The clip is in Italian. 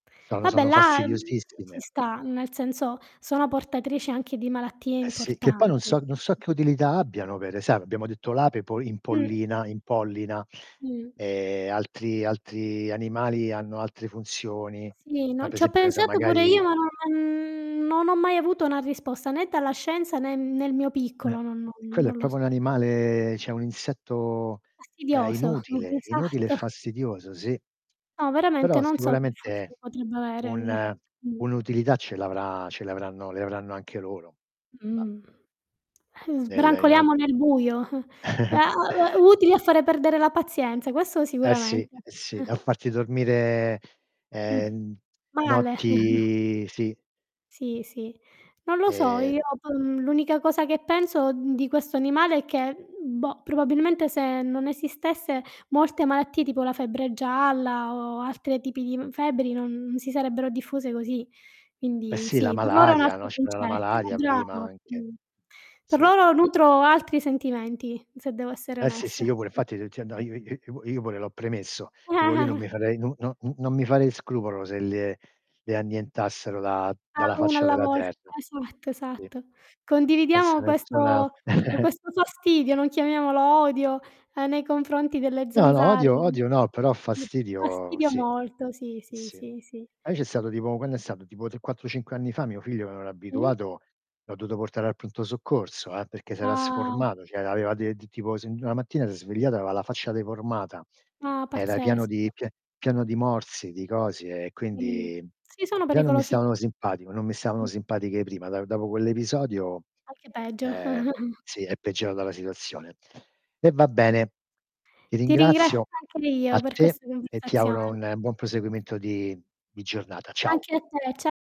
Sono Vabbè sono là, mhmm, ci fastidiosissime. sta nel senso, sono portatrici anche di malattie Eh sì, che poi non importanti. so non so che utilità abbiano pere sai abbiamo detto l'ape po Mh. impollina impollina, Mh. e altri altri animali hanno altre funzioni. Sì, No, no per ci ho esempio che ne so, pensato pure io magari ma non non ho mai avuto una risposta né dalla scienza né nel mio Eh. piccolo, non non Quello è non lo proprio s un animale cioè un insetto, ehm, Fastidioso. inutile, inutile e esatto. fastidioso, sì. No veramente Però non so che sicuramente funzione potrebbe avere, mhmm. un Mhmm. un'utilità ce l'avrà ce l'avranno le avranno anche loro. Bah. Mhmm. Es Nelle i non brancoliamo nel buio. [unintelligible] Utili a fare perdere la pazienza, questo Eh sì, sicuramente. eh sì, a farti dormire, Mh. ehm, Male. notti sì. Sì, sì, non lo so io E [unintelligible] l'unica cosa che penso, mhmm, di questo animale è che, b boh, probabilmente se non esistesse molte malattie, tipo la febbre gialla o altre tipi di, mhmm, febbri non si sarebbero diffuse così. Eh Quindi sì, la sì, per loro è un malaria, altro no, c'era la concetto. Era malaria prima bravo! anche. Mh. Per Sì. loro nutro altri sentimenti, se devo essere Eh sì, onesta. sì, io pure, fatti t ti io io io io pure l'ho premesso. Dico lì non mi farei non non u non mi farei scrupolo se le le annientassero da dalla Ah, 1 faccia alla della volta, terra. esatto, Sì. esatto. E se Condividiamo questo nessuna o questo fastidio, non chiamiamolo odio, ehm, nei confronti delle No, no, odio zanzare. odio no, però [unintelligible] fastidio Fastidio sì. molto, sì, sì, Sì. sì, sì. Poi c'è stato tipo quando è stato, tipo, 3, 4, 5, anni fa, mio figlio non era Mh? abituato, l'ho dovuto portare al pronto soccorso, eh, perché s'era Ah sformato, cioè aveva de t tipo se 'na mattina s'è svegliato, aveva la faccia deformata. Ah, Era pieno di pazzesco. pie pieno di morsi, di cosi, e Mh. quindi, Sì, sono già non mi pericolosi stavano simpatico non mi stavano [unintelligible] simpatiche prima; da dopo quell'episodio Anche peggio. ehm, sì, è peggiorata la situazione. E va bene, ti Ti ringra ringrazio, anche io a per te, questa e ti auguro conversazione. un buon proseguimento di di giornata. Ciao. Anche a te, cia